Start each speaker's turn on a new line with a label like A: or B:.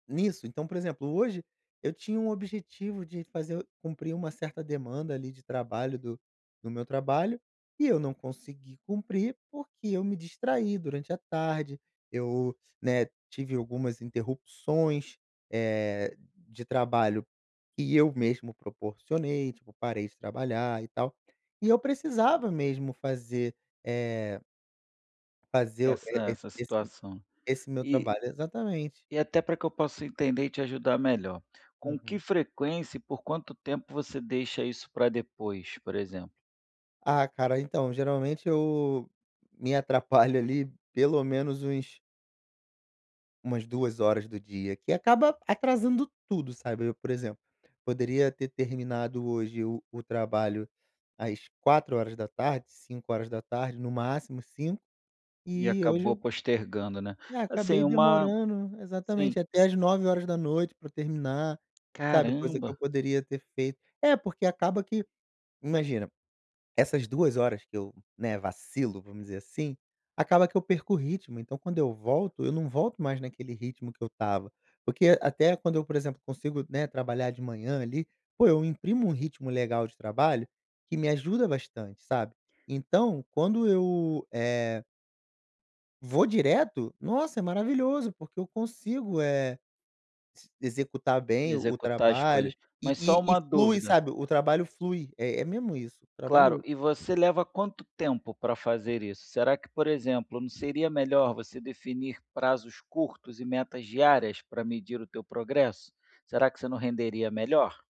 A: Nisso. Então, exemplo, hoje, eu tinha um objetivo de fazer cumprir uma certa demanda, ali, de trabalho, do do meu trabalho, e eu não consegui cumprir, porque eu me distraí durante a tarde. Eu, né, tive algumas interrupções, eh, de trabalho, que eu mesmo proporcionei, tipo, parei de trabalhar e tal, e eu precisava mesmo fazer, eh fazer
B: Essa
A: e
B: essa
A: esse
B: situação,
A: esse meu
B: e
A: trabalho, exatamente.
B: e até para que eu possa entender e te ajudar melhor. Com que
A: Uhum.
B: frequência e por quanto tempo você deixa isso para depois, por exemplo?
A: Ah, cara, então, geralmente, eu me atrapalho, ali, pelo menos uns umas 2 horas do dia, que acaba atrasando tudo, sabe, eu, por exemplo, poderia ter terminado hoje o o trabalho às 16:00, 17:00, no máximo 17:00,
B: E
A: e hoje,
B: acabou
A: eu
B: postergando, né.
A: e
B: Assim,
A: acabei
B: uma
A: demorando,
B: Sim.
A: exatamente até às 21:00 pra eu terminar, sabe, coisa que eu
B: Caramba.
A: poderia ter feito É porque acaba que, imagina, essas 2 horas que eu, né, vacilo, vamos dizer assim, acaba que eu perco o ritmo, então, quando eu volto, eu não volto mais naquele ritmo que eu estava, porque até quando eu, por exemplo, consigo, né, trabalhar de manhã ali, pô, eu imprimo um ritmo legal de trabalho que me ajuda bastante, sabe. Então, quando eu, eh vou direto, nossa, é maravilhoso, porque eu consigo, eh, s executar bem o
B: Executar as
A: trabalho
B: coisas.
A: e
B: Mas, só
A: e e
B: uma
A: flui,
B: dúvida.
A: sabe. O trabalho flui, é é mesmo isso,
B: Claro,
A: trabalho
B: e você leva quanto tempo para fazer isso? Será que, por exemplo, não seria melhor você definir prazos curtos e metas diárias, para medir o teu progresso? Será que você não renderia melhor?